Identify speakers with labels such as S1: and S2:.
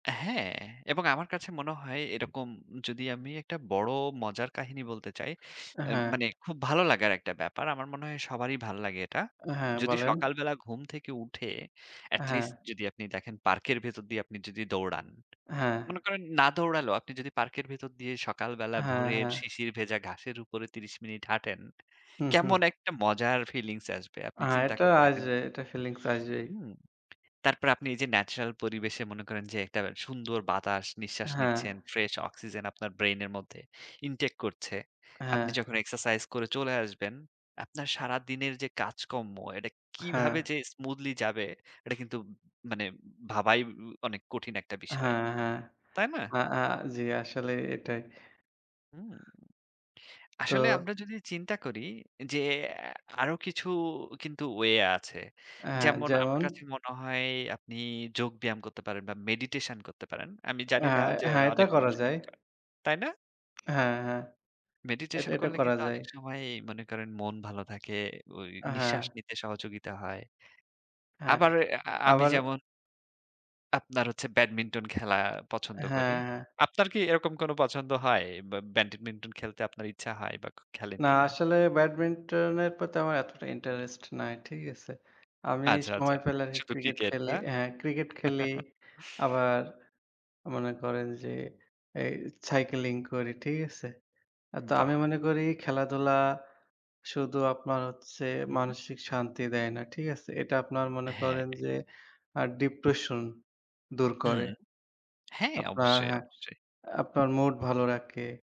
S1: হ্যাঁ, এবং আমার কাছে মনে হয় এরকম যদি আমি একটা বড় মজার কাহিনী বলতে চাই, আ
S2: হ্যাঁ।
S1: মানে খুব ভালো লাগার একটা ব্যাপার। আমার মনে হয় সবারই ভালো লাগে এটা।
S2: হ্যাঁ
S1: যদি
S2: বলেন।
S1: সকালবেলা ঘুম থেকে উঠে at
S2: হ্যাঁ।
S1: least যদি আপনি দেখেন পার্কের ভেতর দিয়ে আপনি যদি দৌড়ান।
S2: হ্যাঁ।
S1: মনে করেন না দৌড়ালেও আপনি যদি পার্কের ভেতর দিয়ে সকাল বেলা
S2: হ্যাঁ,
S1: ভোরের
S2: হ্যাঁ।
S1: শিশির ভেজা ঘাসের উপরে ৩০ মিনিট হাঁটেন।
S2: হুম, হুম।
S1: কেমন একটা মজার feelings আসবে আপনি
S2: হ্যাঁ,
S1: চিন্তা
S2: এটা
S1: করে দেখেন
S2: আসবে।
S1: তো!
S2: এটা feelings আসবেই।
S1: হুম! তারপরে আপনি এই যে natural পরিবেশে মনে করেন যে একটা সুন্দর বাতাস নিঃশ্বাস
S2: হ্যাঁ।
S1: নিচ্ছেন, fresh oxygen আপনার brain এর মধ্যে intake করছে। আপনি
S2: হ্যাঁ।
S1: যখন exercise করে চলে আসবেন, আপনার সারাদিনের যে কাজকর্ম এটা
S2: হ্যাঁ।
S1: কিভাবে যে smoothly যাবে এটা কিন্তু মানে ভাবাই উ উ অনেক কঠিন একটা বিষয়।
S2: হ্যাঁ, হ্যাঁ।
S1: তাই না?
S2: আ আ জ্বি আসলে এটাই।
S1: হুম! আসলে
S2: তো
S1: আমরা যদি চিন্তা করি, যে অ্যা আরো কিছু কিন্তু way আছে।
S2: হ্যাঁ।
S1: যেমন আমার
S2: যেমন?
S1: কাছে মনে হয় আপনি যোগ ব্যায়াম করতে পারেন, বা meditation করতে পারেন। আমি জানি
S2: অ্যা
S1: না যে
S2: হ্যাঁ। এটা
S1: অনেক
S2: করা
S1: মানুষকে
S2: যায়।
S1: এটা। তাই না?
S2: হ্যাঁ, হ্যাঁ। এটা,
S1: Meditation
S2: এটা
S1: করলে
S2: করা
S1: কিন্তু
S2: যায়।
S1: অনেক সময় ই মনে করেন মন ভালো থাকে, ওই নিঃশ্বাস
S2: হ্যাঁ।
S1: নিতে সহযোগিতা হয়।
S2: হ্যাঁ,
S1: আবার আ আ আমি
S2: আবার
S1: যেমন আপনার হচ্ছে Badminton খেলা পছন্দ করি।
S2: হ্যাঁ, হ্যাঁ।
S1: আপনার কি এরকম কোনো পছন্দ হয়? ব্য Badminton খেলতে আপনার ইচ্ছা হয় বা খে খেলেন
S2: না
S1: কিনা?
S2: আসলে Badminton এর প্রতি আমার এতটা interest নাই। ঠিক আছে? আমি
S1: আচ্ছা, আচ্ছা।
S2: সময় পেলে আরকি
S1: শুধু
S2: Cricket
S1: Cricket
S2: খেলি।
S1: না?
S2: হ্যাঁ, Cricket খেলি। আবার মনে করেন যে, এই cycling করি। ঠিক আছে? তো আমি
S1: বাহ!
S2: মনে করি খেলাধুলা শুধু আপনার হচ্ছে
S1: হুম, হুম।
S2: মানসিক শান্তি দেয় না। ঠিক আছে? এটা আপনার মনে
S1: হ্যাঁ।
S2: করেন যে আ depression দূর
S1: হুম।
S2: করে।
S1: হ্যাঁ,
S2: আপনার
S1: অবশ্যই,
S2: হ্যাঁ,
S1: অবশ্যই।
S2: আপনার mood ভালো রাখে।